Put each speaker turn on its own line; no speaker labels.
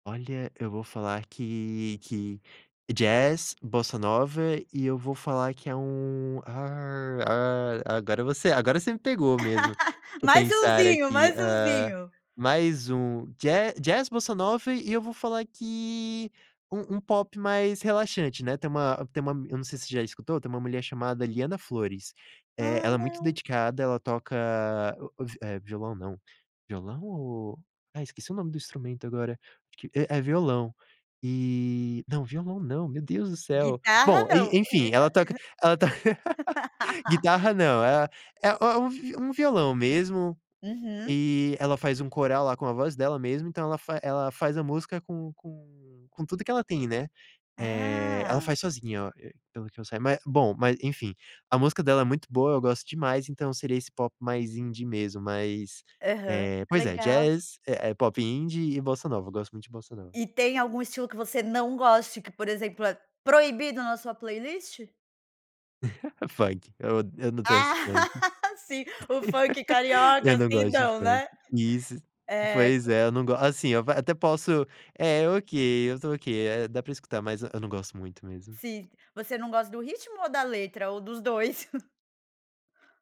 Olha, eu vou falar que que jazz, bossa nova, e eu vou falar que é um, ah ah ah, agora você a agora você me pegou mesmo. Deixa eu
Mais
pensar
umzinho,
aqui,
mais
ah,
umzinho.
mais um ja jazz, bossa nova, e eu vou falar que um um pop mais relaxante, né. Tem uma tem uma m eu não sei se já escutou, tem uma mulher chamada Liana Flores, eh,
Ah,
ela é muito
não.
dedicada, ela toca o o vi eh, violão não. Violão ou ai, esqueci o nome do instrumento agora, que é é violão, e não, violão não, meu Deus do céu.
Guitarra,
Bom, e
não,
enfim,
guita
ela toca ela to guitarra não, é a é é um vi um violão mesmo,
Uhum.
e ela faz um coral lá, com a voz dela mesmo, então ela fa ela faz a música com com com tudo que ela tem, né. Eh, ela
Ah.
faz sozinha o e pelo que eu sai mas, bom, mas enfim. A música dela é muito boa, eu gosto demais, então seria esse pop mais Indie mesmo, mais,
Aham.
eh, pois é,
Legal.
jazz, eh eh, pop Indie e bossa nova, eu gosto muito de bossa nova.
E tem algum estilo que você não goste que, por exemplo, é proibido na sua playlist?
Funk, eu o eu não tenho esse funk.
Ah, sim. O funk carioca,
Eu não
assim,
gosto de
não,
funk.
né?
Isso,
É.
pois é, eu não gos assim, eu até posso eh, é ok, eu estou ok, eh, dá pra escutar, mas eu não gosto muito mesmo.
Sim, você não gosta do ritmo ou da letra, ou dos 2?